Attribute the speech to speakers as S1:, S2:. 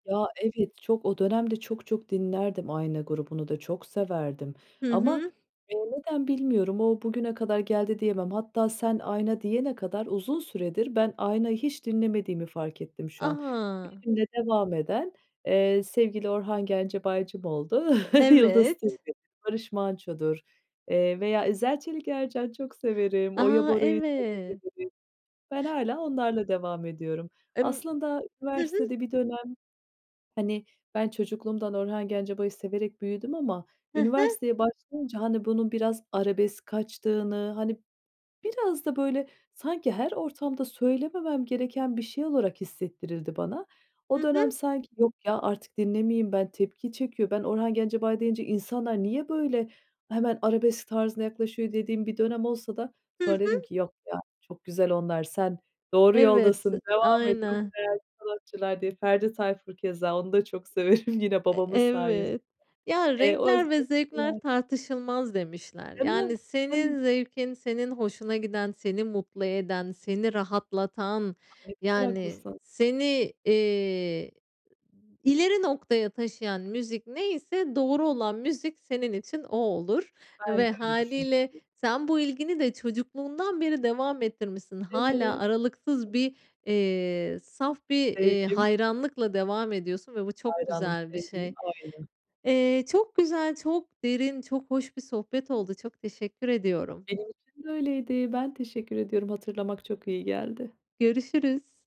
S1: Ya, evet, çok. O dönemde çok çok dinlerdim. Ayna grubunu da çok severdim.
S2: Hı
S1: Ama,
S2: hı.
S1: eee, neden bilmiyorum, o bugüne kadar geldi diyemem. Hatta, sen Ayna diyene kadar, uzun süredir ben Ayna'yı hiç dinlemediğimi fark ettim, şu an.
S2: A.
S1: Benimle devam eden, eee, sevgili Orhan Gencebaycım oldu. Yıldız
S2: Evet.
S1: Tilbe, Barış Manço'dur eee, veya İzel-Çelik-Ercan çok severim. Oya
S2: A!
S1: Bora'yı çok
S2: Evet.
S1: severim. Ben hâlâ onlarla devam ediyorum.
S2: Emm
S1: Aslında
S2: Hı hı.
S1: üniversitede bir dönem, hani -ben çocukluğumdan Orhan Gencebay'ı severek büyüdüm ama,
S2: Hı hı.
S1: üniversiteye başlayınca, hani, bunun biraz arabesk kaçtığını, hani, biraz da böyle sanki her ortamda söylememem gereken bir şey olarak hissettirildi bana.
S2: Hı
S1: O dönem
S2: hı.
S1: sanki, yok ya, artık dinlemeyeyim ben, tepki çekiyor. Ben Orhan Gencebay deyince, insanlar niye böyle hemen arabesk tarzına yaklaşıyor, dediğim bir dönem olsa da,
S2: Hı
S1: sonra dedim
S2: hı.
S1: ki, yok ya, çok güzel onlar, sen doğru
S2: Evet,
S1: yoldasın, devam et, çok
S2: aynen.
S1: değerli sanatçılar diye. Ferdi Tayfur keza, onu da çok severim yine
S2: Eee,
S1: babamın sayesinde.
S2: evet. Ya,
S1: Eee,
S2: renkler ve zevkler
S1: [unintelligible]
S2: tartışılmaz demişler.
S1: Değil mi?
S2: Yani,
S1: Değil mi?
S2: senin zevkin, senin hoşuna giden, seni mutlu eden, seni rahatlatan,
S1: Ay, ne kadar
S2: yani,
S1: haklısın.
S2: seni, eee, ileri noktaya taşıyan müzik neyse, doğru olan müzik senin için o olur
S1: Ben
S2: ve
S1: de öyle düşündüm.
S2: hâliyle sen bu ilgini de çocukluğundan beri devam ettirmişsin. Hâlâ
S1: Evet..
S2: aralıksız
S1: [unintelligible]
S2: bir, eee, saf bir, eee,
S1: Sevgim.
S2: hayranlıkla devam ediyorsun ve bu çok
S1: Hayranım,
S2: güzel bir
S1: sevgim
S2: şey.
S1: aynı.
S2: Eee, çok güzel, çok derin, çok hoş bir sohbet oldu. Çok teşekkür ediyorum.
S1: Benim için de öyleydi. Ben teşekkür ediyorum. Hatırlamak çok iyi geldi.
S2: Görüşürüz.